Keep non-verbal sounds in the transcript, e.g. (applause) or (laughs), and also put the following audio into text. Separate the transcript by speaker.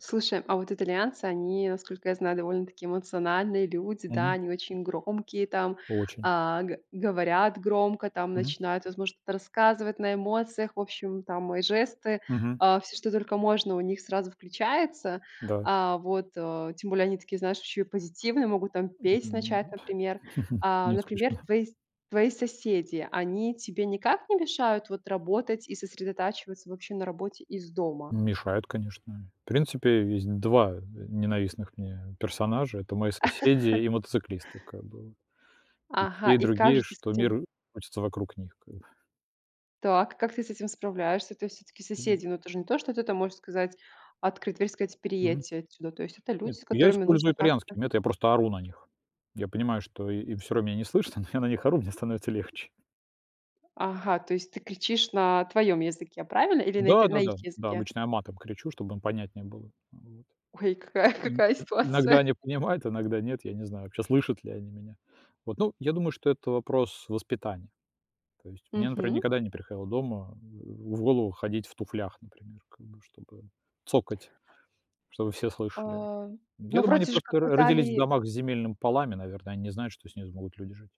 Speaker 1: Слушай, а вот итальянцы, они, насколько я знаю, довольно-таки эмоциональные люди. Да,
Speaker 2: Мгм.
Speaker 1: они очень громкие, там.
Speaker 2: Очень.
Speaker 1: А, г говорят громко, там,
Speaker 2: Мгм.
Speaker 1: начинают, возможно, что-то рассказывать на эмоциях. В общем, там и жесты,
Speaker 2: Мгм.
Speaker 1: а, всё, что только можно, у них сразу включается.
Speaker 2: Да.
Speaker 1: А. Вот, э, тем более, они такие, знаешь, ещё и позитивные. Могут, там, петь
Speaker 2: Мгм.
Speaker 1: начать, например.
Speaker 2: (chuckles)
Speaker 1: А.
Speaker 2: Не
Speaker 1: Например,
Speaker 2: исключено.
Speaker 1: твои с твои соседи, они тебе никак не мешают вот работать и сосредотачиваться вообще на работе из дома?
Speaker 2: Мешают, конечно. В принципе, есть 2 н ненавистных мне персонажа. Это мои соседи
Speaker 1: (laughs)
Speaker 2: и мотоциклисты. Как бы. И
Speaker 1: Ага,
Speaker 2: те, и
Speaker 1: и как
Speaker 2: другие,
Speaker 1: же ты с
Speaker 2: что
Speaker 1: этим
Speaker 2: мир крутится вокруг них когда.
Speaker 1: так, и как ты с этим справляешься? То есть всё-таки
Speaker 2: Мгм.
Speaker 1: соседи, но это же не то, что ты там можешь сказать открыть дверь и сказать:
Speaker 2: Мгм.
Speaker 1: "Переедьте отсюда". То есть это люди,
Speaker 2: Нет.
Speaker 1: с
Speaker 2: Я
Speaker 1: которыми нужно
Speaker 2: использую
Speaker 1: как-то
Speaker 2: итальянский метод, я просто ору на них. Я понимаю, что и им всё равно меня не слышно, но я на них ору, мне становится легче.
Speaker 1: Ага, то есть ты кричишь на твоём языке, правильно? Или на ит
Speaker 2: Да.
Speaker 1: на их
Speaker 2: Да-да. Да.
Speaker 1: языке?
Speaker 2: Обычно я матом кричу, чтобы им понятнее было. Вот.
Speaker 1: Ой, какая
Speaker 2: Ин
Speaker 1: какая
Speaker 2: э, иногда
Speaker 1: ситуация.
Speaker 2: они понимают, иногда нет, я не знаю, вообще, слышат ли они меня. Вот. Ну, я думаю, что это вопрос воспитания. То есть мне, например,
Speaker 1: Мгм.
Speaker 2: никогда не приходило дома в голову ходить в туфлях, например, как бы чтобы цокать, чтобы все слышали.
Speaker 1: А. Ну,
Speaker 2: Я думаю, они
Speaker 1: вроде же как
Speaker 2: просто р
Speaker 1: в
Speaker 2: родились в
Speaker 1: Италии
Speaker 2: домах с земельными полами, наверное, они не знают, что с ними смогут люди жить.